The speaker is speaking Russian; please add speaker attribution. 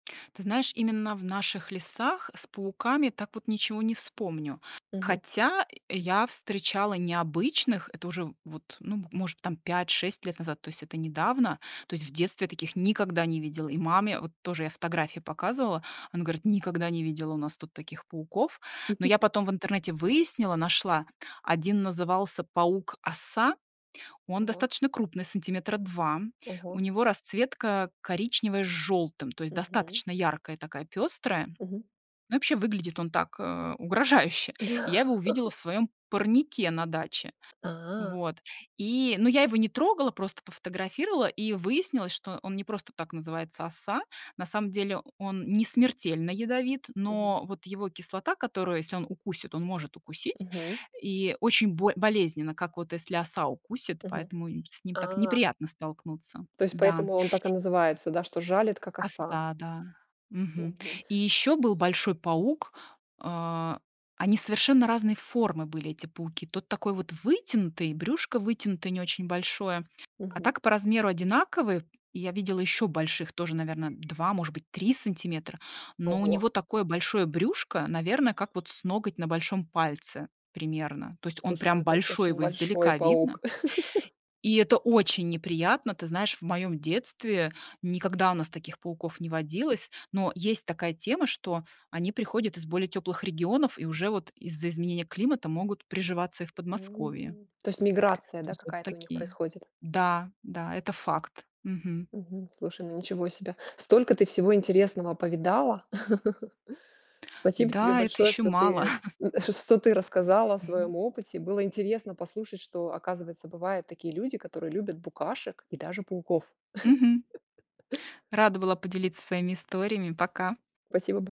Speaker 1: Ты знаешь, именно в наших лесах с пауками так вот ничего не вспомню.
Speaker 2: Мгм.
Speaker 1: Хотя я встречала необычных, это уже вот, ну, может быть, там 5-6 лет назад, то есть это недавно, то есть в детстве я таких никогда не видела. И маме, вот тоже я фотографии показывала, она говорит: "Никогда не видела у нас тут таких пауков". Но я потом в интернете выяснила, нашла, 1 назывался паук-оса. Он
Speaker 2: Ого.
Speaker 1: достаточно крупный, сантиметра 2, у
Speaker 2: Ого.
Speaker 1: него расцветка коричневая с жёлтым, то есть
Speaker 2: Мгм.
Speaker 1: достаточно яркая, такая пёстрая.
Speaker 2: Мгм.
Speaker 1: Ну и вообще выглядит он так, э, угрожающе. И я
Speaker 2: Да.
Speaker 1: его увидела в своём парнике на даче.
Speaker 2: А.
Speaker 1: Вот и но я его не трогала, просто пофотографировала, и выяснилось, что он не просто так называется "оса". На самом деле он не смертельно ядовит,
Speaker 2: Мгм.
Speaker 1: но вот его кислота, которую если он укусит, он может укусить,
Speaker 2: Мгм.
Speaker 1: и очень боль болезненно, как вот если оса укусит,
Speaker 2: Мгм.
Speaker 1: поэтому и с ним так
Speaker 2: А.
Speaker 1: неприятно столкнуться.
Speaker 2: То есть
Speaker 1: Да.
Speaker 2: поэтому он так и называется, да, что жалит, как оса.
Speaker 1: Оса, да, мгм.
Speaker 2: Мгм.
Speaker 1: И ещё был большой паук, а, они совершенно разной формы были, эти пауки. Тот такой вот вытянутый, и брюшко вытянутое, не очень большое, а
Speaker 2: Мгм.
Speaker 1: так по размеру одинаковые. И я видела ещё больших тоже, наверно, 2, может быть, 3 сантиметра, но у
Speaker 2: Ого.
Speaker 1: него такое большое брюшко, наверно, как вот с ноготь на большом пальце примерно. То есть он
Speaker 2: Слушай, ну
Speaker 1: прям
Speaker 2: это
Speaker 1: большой,
Speaker 2: очень
Speaker 1: его
Speaker 2: большой
Speaker 1: издалека видно.
Speaker 2: паук.
Speaker 1: И это очень неприятно. Ты знаешь, в моем детстве, никогда у нас таких пауков не водилось. Но есть такая тема, что они приходят из более тёплых регионов, и уже вот из-за изменения климата могут приживаться и в Подмосковье.
Speaker 2: М. То есть миграция,
Speaker 1: То
Speaker 2: да,
Speaker 1: есть вот
Speaker 2: какая-то у них
Speaker 1: такие.
Speaker 2: происходит?
Speaker 1: Да, да, это факт, мгм.
Speaker 2: Мгм. Слушай, ну ничего себе. Столько ты всего интересного повидала. Спасибо тебе
Speaker 1: Да, и это
Speaker 2: большое,
Speaker 1: ещё
Speaker 2: что
Speaker 1: мало.
Speaker 2: ты, э, что ты рассказала о
Speaker 1: Мгм.
Speaker 2: своём опыте. Было интересно послушать, что, оказывается, бывают такие люди, которые любят букашек и даже пауков.
Speaker 1: Мгм. Рада была поделиться своими историями. Пока.
Speaker 2: Спасибо б